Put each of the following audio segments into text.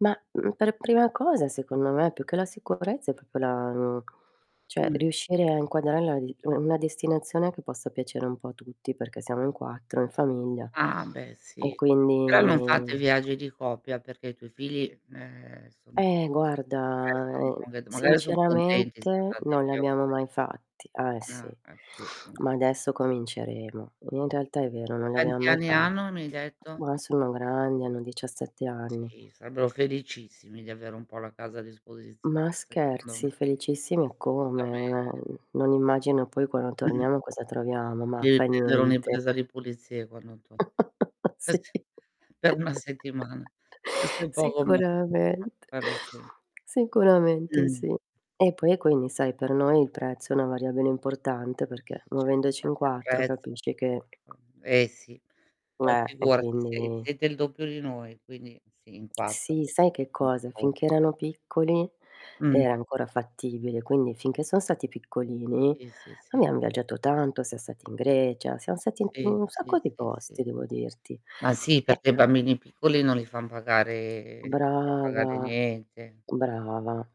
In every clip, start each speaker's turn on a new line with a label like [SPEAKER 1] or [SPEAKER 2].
[SPEAKER 1] Mah, mhmm, per prima cosa secondo me più che la sicurezza è proprio la mhmm, cioè
[SPEAKER 2] Mh.
[SPEAKER 1] riuscire a inquadrarla d u una destinazione che possa piacere un po' a tutti perché siamo in 4 in famiglia
[SPEAKER 2] Ah beh
[SPEAKER 1] e
[SPEAKER 2] sì, però non fate
[SPEAKER 1] quindi
[SPEAKER 2] viaggi di coppia perché i tuoi figli, ehm, son
[SPEAKER 1] Eh
[SPEAKER 2] cioè,
[SPEAKER 1] guarda,
[SPEAKER 2] sono
[SPEAKER 1] mhmm,
[SPEAKER 2] [unintelligible] magari son contenti se
[SPEAKER 1] sinceramente non li
[SPEAKER 2] [unintelligible]
[SPEAKER 1] abbiamo mai fatti. Eh sì,
[SPEAKER 2] Ah, ah sì. Mh.
[SPEAKER 1] ma adesso cominceremo. In realtà è vero, non li abbiam
[SPEAKER 2] Quanti
[SPEAKER 1] mai
[SPEAKER 2] anni
[SPEAKER 1] fa
[SPEAKER 2] hanno mi hai detto?
[SPEAKER 1] ma sono grandi, hanno 17 anni.
[SPEAKER 2] Sì, sarebbero felicissimi di avere un po' la casa a disposizione
[SPEAKER 1] Ma
[SPEAKER 2] secondo me.
[SPEAKER 1] scherzi, felicissimi eccome. Meh,
[SPEAKER 2] Assolutamente.
[SPEAKER 1] n non immagino poi quando
[SPEAKER 2] Mh-mh.
[SPEAKER 1] torniamo cosa troviamo; ma
[SPEAKER 2] Devi
[SPEAKER 1] fa
[SPEAKER 2] prendere
[SPEAKER 1] niente.
[SPEAKER 2] un'impresa di pulizie quando to
[SPEAKER 1] Sì,
[SPEAKER 2] per 1 settimana. Questo è poco ma sicuro,
[SPEAKER 1] sicuramente.
[SPEAKER 2] quello sì.
[SPEAKER 1] Sicuramente
[SPEAKER 2] Mh.
[SPEAKER 1] sì. E poi quindi sai per noi il prezzo è una variabile importante
[SPEAKER 2] [unintelligible]
[SPEAKER 1] perché muovendoci in 4
[SPEAKER 2] Eh s
[SPEAKER 1] capisci che
[SPEAKER 2] poi eh sì. Poi
[SPEAKER 1] Neh, e
[SPEAKER 2] figurati sei
[SPEAKER 1] quindi
[SPEAKER 2] siete il doppio di noi, quindi sì, in 4.
[SPEAKER 1] Sì, sai che cosa?
[SPEAKER 2] [unintelligible]
[SPEAKER 1] Finché erano piccoli
[SPEAKER 2] Mh.
[SPEAKER 1] era ancora fattibile, quindi finché son stati piccolini
[SPEAKER 2] Sì, sì, sì.
[SPEAKER 1] abbiam viaggiato tanto, siam stati in Grecia, siam stati in t in
[SPEAKER 2] Sì,
[SPEAKER 1] un
[SPEAKER 2] sì,
[SPEAKER 1] sacco di
[SPEAKER 2] sì, sì.
[SPEAKER 1] posti devo dirti.
[SPEAKER 2] Ma sì
[SPEAKER 1] Eh,
[SPEAKER 2] perché i
[SPEAKER 1] an
[SPEAKER 2] bambini piccoli non li fan pagare non li fa pagare
[SPEAKER 1] Brava,
[SPEAKER 2] niente.
[SPEAKER 1] brava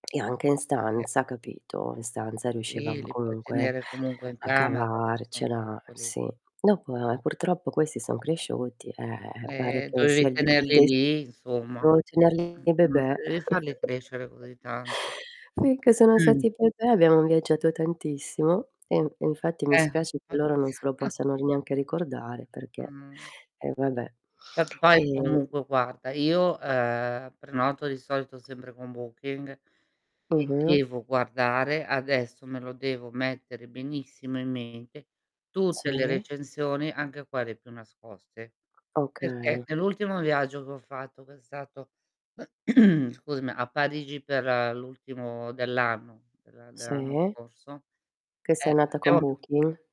[SPEAKER 1] e anche in
[SPEAKER 2] [unintelligible]
[SPEAKER 1] stanza capito. In stanza
[SPEAKER 2] Sì,
[SPEAKER 1] riuscivamo
[SPEAKER 2] li puoi
[SPEAKER 1] comunque,
[SPEAKER 2] tenere comunque in
[SPEAKER 1] a
[SPEAKER 2] camera, se son
[SPEAKER 1] cavarcela,
[SPEAKER 2] piccoli.
[SPEAKER 1] sì. Dopo, ehm, purtroppo questi son cresciuti, pare
[SPEAKER 2] Ehm,
[SPEAKER 1] che
[SPEAKER 2] dovevi
[SPEAKER 1] sia il d il
[SPEAKER 2] tenerli
[SPEAKER 1] de
[SPEAKER 2] lì insomma.
[SPEAKER 1] devo tenerli
[SPEAKER 2] Mh-mh,
[SPEAKER 1] bebè.
[SPEAKER 2] dovevi farli crescere così tanto.
[SPEAKER 1] Finché sono stati bebè abbiamo viaggiato tantissimo e i e infatti mi
[SPEAKER 2] Eh
[SPEAKER 1] spiace che
[SPEAKER 2] p
[SPEAKER 1] loro non se lo possano r neanche ricordare perché
[SPEAKER 2] Mh.
[SPEAKER 1] eh vabbè.
[SPEAKER 2] Va poi
[SPEAKER 1] Ehm
[SPEAKER 2] comunque guarda, io, ehm, prenoto di solito sempre con Booking e
[SPEAKER 1] Mh-mh.
[SPEAKER 2] devo guardare, adesso me lo devo mettere benissimo in mente, tutte le
[SPEAKER 1] Sì.
[SPEAKER 2] recensioni anche quelle più nascoste. Perché
[SPEAKER 1] Okay.
[SPEAKER 2] nell'ultimo viaggio che ho fatto, cos'è stato, scusami, a Parigi per l'ultimo dell'anno dell'a dell'anno
[SPEAKER 1] Sì.
[SPEAKER 2] scorso
[SPEAKER 1] Che sei
[SPEAKER 2] Eh,
[SPEAKER 1] andata con
[SPEAKER 2] abbiamo p
[SPEAKER 1] Booking?